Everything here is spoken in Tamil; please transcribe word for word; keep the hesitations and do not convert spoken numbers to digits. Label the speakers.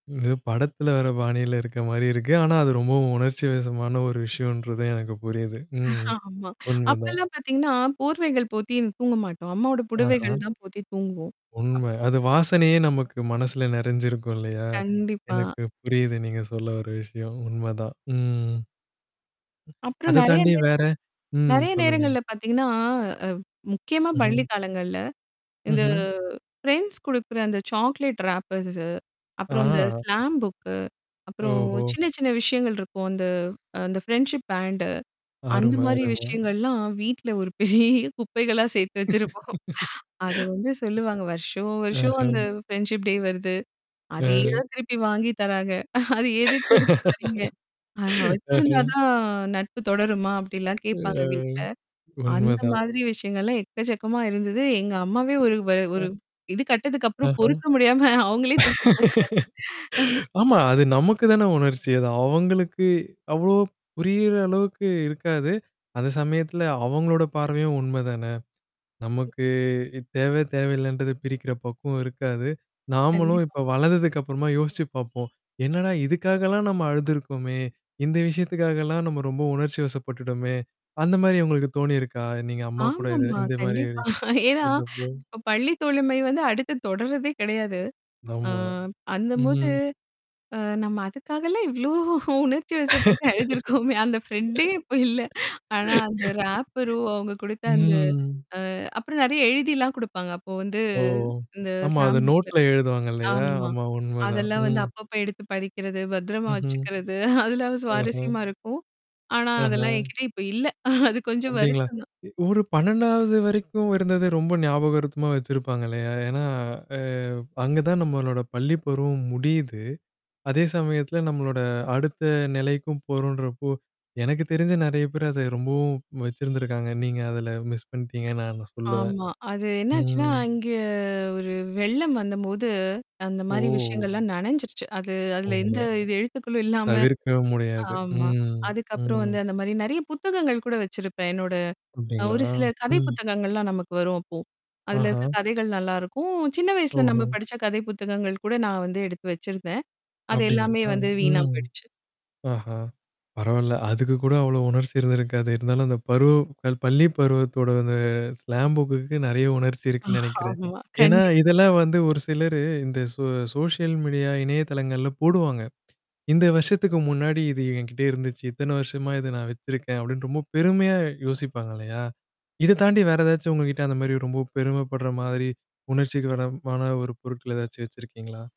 Speaker 1: இது படத்துல வர பாணியில இருக்க மாரி இருக்கு. ஆனா, அது ரொம்பவும் உணர்ச்சிவசமான ஒரு விஷயம்ன்றது எனக்கு புரியுது. ம்.
Speaker 2: ஆமா.
Speaker 1: உண்மதான்.
Speaker 2: அப்பல்லாம் பார்த்தீங்கன்னா, போர்வைகள் போத்தி தூங்க மாட்டோம். அம்மாவோட
Speaker 1: ஆஹா.
Speaker 2: புடுவைகள் தான் போத்தி தூங்குவோம்.
Speaker 1: உண்ம.
Speaker 2: அப்போ
Speaker 1: அது வாசனையே நமக்கு மனசுல நெறஞ்சிருக்கும் இல்லையா?
Speaker 2: கண்டிப்பா.
Speaker 1: எனக்கு புரியுது. நீங்க சொல்ல வர்ற விஷயம். உண்மதான். ம்.
Speaker 2: அப்புறம்
Speaker 1: அத
Speaker 2: நெறைய
Speaker 1: தாண்டி
Speaker 2: நேர
Speaker 1: வேற. ம்.
Speaker 2: நெறைய
Speaker 1: சொல்லுங்க.
Speaker 2: நேரங்கள்ல பார்த்தீங்கன்னா, அ முக்கியமா
Speaker 1: ம்ஹம்.
Speaker 2: பள்ளி காலங்கள்ல. இந்த
Speaker 1: ம்ஹும்.
Speaker 2: ஃப்ரெண்ட்ஸ் குடுக்குற அந்த சாக்லேட் ராப்பர்ஸ். அப்புறம் இந்த
Speaker 1: ஆ.
Speaker 2: Slam book. அப்புறம்
Speaker 1: ஓஹோ!
Speaker 2: சின்ன சின்ன விஷயங்கள் இருக்கும். அந்த அந்த ஃப்ரெண்ட்ஷிப் பேண்ட். அந்த
Speaker 1: அரும
Speaker 2: மாரி
Speaker 1: அரும.
Speaker 2: விஷயங்கள்லாம் வீட்ல ஒரு பெரிய குப்பைகளா சேர்த்து வச்சிருப்போம். அது வந்து சொல்லுவாங்க. வருஷம் வருஷம் அந்த
Speaker 1: ஆஹ.
Speaker 2: ஃப்ரெண்ட்ஷிப் டே வருது. அதேதா
Speaker 1: அ.
Speaker 2: திருப்பி வாங்கி தராங்க. அது எதுக்கு எடுத்து வரீங்க? அ
Speaker 1: ஆஹ.
Speaker 2: வச்சிருந்தா தான் நட்பு தொடருமா? அப்டிலாம்
Speaker 1: அ.
Speaker 2: கேட்பாங்க வீட்ல.
Speaker 1: உண்ம
Speaker 2: அந்த
Speaker 1: தான்.
Speaker 2: மாதிரி விஷயங்கள்லாம் எக்கச்சக்கமா இருந்தது. எங்க அம்மாவே ஒரு வ ஒரு இது கட்டதுக்கப்புறம்
Speaker 1: ஆஹ.
Speaker 2: பொறுக்க முடியாம அவங்களே தூக்கி போட்டாங்க.
Speaker 1: ஆமா. அது நமக்கு தானே உணர்ச்சி. அது. அவங்களுக்கு அவ்ளோ புரியிற அளவுக்கு இருக்காது. அந்த சமயத்துல அவங்களோட பார்வையும் உண்மைதான. நமக்கு தேவ தேவையில்லன்றத பிரிக்கிற பக்குவம் இருக்காது. நாமளும்
Speaker 2: கண்டிப்பா.
Speaker 1: இப்ப வளர்ந்ததுக்கு அப்புறமா யோசிச்சு பார்ப்போம். என்னடா இதுக்காகலாம் நம்ம அழுந்தருக்கோமே! இந்த விஷயத்துக்காகலாம் நம்ம ரொம்ப உணர்ச்சிவசப்பட்டுடோமே! அந்த மாரி உங்களுக்கு தோணியிருக்கா? நீங்க அம்மா கூட இது
Speaker 2: ஆமாமா.
Speaker 1: இந்த மாரி?
Speaker 2: கண்டிப்பா. ஏன்னா,
Speaker 1: இருந்தப்போ.
Speaker 2: இப்ப பள்ளி தோழமை வந்து அடுத்து தொடர்றதே கெடையாது. ஆ
Speaker 1: ஆமா.
Speaker 2: அந்தம்போது
Speaker 1: ம்.
Speaker 2: அ நம்ம அதுக்காகலாம் இவ்ளோ உணர்ச்சி வசப்பட்டு அழுதுருக்கோமே. அந்த ஃப்ரெண்டே இப்ப இல்ல. ஆனா அந்த ராப்பரும் அவங்க குடுத்தா அந்த
Speaker 1: ம்.
Speaker 2: அ அப்புறம் நெறைய எழுதிலாம் குடுப்பாங்க. அப்போ வந்து
Speaker 1: ஓ!
Speaker 2: இந்த
Speaker 1: ஆமா. அத
Speaker 2: ஸ்லாம் புக்ல
Speaker 1: நோட்ல எழுதுவாங்க இல்லையா?
Speaker 2: ஆமா.
Speaker 1: ஆமா உண்மதான்.
Speaker 2: அதெல்லாம் வந்து
Speaker 1: ம்.
Speaker 2: அப்பப்போ எடுத்து படிக்கிறது, பத்திரமா
Speaker 1: ம்ஹும்.
Speaker 2: வச்சுக்கிறது. அதெல்லாம்
Speaker 1: ஆஹா!
Speaker 2: சுவாரஸ்யமா இருக்கும். ஆனா அதெல்லாம்
Speaker 1: அஹா.
Speaker 2: எனங்கிட்ட இப்ப இல்ல. அது கொஞ்சம்
Speaker 1: அப்டீங்களா?
Speaker 2: வருத்தம் தான்.
Speaker 1: எ ஒரு பண்ணெண்டாவது வரைக்கும் இருந்தத ரொம்ப ஞாபகரத்தமா வச்சிருப்பாங்க இல்லையா? ஏன்னா அ அங்க தான் நம்மளோட பள்ளி பருவம் முடியுது. அதே சமயத்துல நம்மளோட அடுத்த நிலைக்கும் போறோன்றப்போ எனக்கு தெரிஞ்சு நெறைய பேர் அத ரொம்பவும் வச்சிருந்தருக்காங்க. நீங்க அதுல மிஸ் பண்ணிட்டீங்கன்னு நான் சொல்லுவேன்.
Speaker 2: ஆமா. அது என்னாச்சுன்னா,
Speaker 1: ம்.
Speaker 2: அங்க ஒரு வெள்ளம் வந்தம்போது, அந்த மாரி
Speaker 1: ஓ!
Speaker 2: விஷயங்கள்லாம் நனைஞ்சருச்சு. அது அதுல
Speaker 1: ஓம.
Speaker 2: எந்த இது எழுத்துக்களும் இல்லாம
Speaker 1: தவிர்க்கவும் முடியாது.
Speaker 2: ஆமா.
Speaker 1: ம்.
Speaker 2: அதுக்கப்புறம்
Speaker 1: ம்.
Speaker 2: வந்து அந்த மாரி நெறைய புத்தகங்கள் கூட வச்சிருப்பேன். என்னோட அ
Speaker 1: அப்டீங்களா?
Speaker 2: ஒரு சில கதை
Speaker 1: ம்.
Speaker 2: புத்தகங்கள்லாம் நமக்கு வரும் அப்போ. அதுல
Speaker 1: ஆஹா.
Speaker 2: இருக்க கதைகள் நல்லாயிருக்கும். சின்ன வயசுல நம்ம
Speaker 1: ஓஹோ!
Speaker 2: படிச்ச கதை புத்தகங்கள் கூட நான் வந்து எடுத்து வச்சிருந்தேன். அது
Speaker 1: அப்டிங்களா.
Speaker 2: எல்லாமே வந்து வீணா
Speaker 1: ம்.
Speaker 2: போயிடுச்சு.
Speaker 1: ஆஹா! பரவால்ல. அதுக்கு கூட அவ்வளோ உணர்ச்சி இருந்திருக்காது. இருந்தாலும் அந்த பருவம் கல் பள்ளி பருவத்தோட அந்த ஸ்லாம் புக்குக்கு நெறைய உணர்ச்சி இருக்குன்னு நெனைக்கிறேன்.
Speaker 2: ஆமா.
Speaker 1: ஏன்னா,
Speaker 2: கண்டிப்
Speaker 1: இதெல்லாம் வந்து ஒரு சிலரு இந்த சோ சோஷியல் மீடியால இணையதளங்கள்ல போடுவாங்க. இந்த வருஷத்துக்கு முன்னாடி இது எங்கிட்ட இருந்துச்சு. இத்தன வருஷமா இத நான் வச்சிருக்கேன். அப்டின்னு ரொம்ப பெருமையா யோசிப்பாங்க இல்லையா? இத தாண்டி வேற ஏதாச்சும் உங்ககிட்ட அந்த மாரி ரொம்ப பெருமைப்படுற மாதிரி உணர்ச்சிக்கு வரமான ஒரு பொருட்கள் ஏதாச்சும் வச்சிருக்கீங்களா?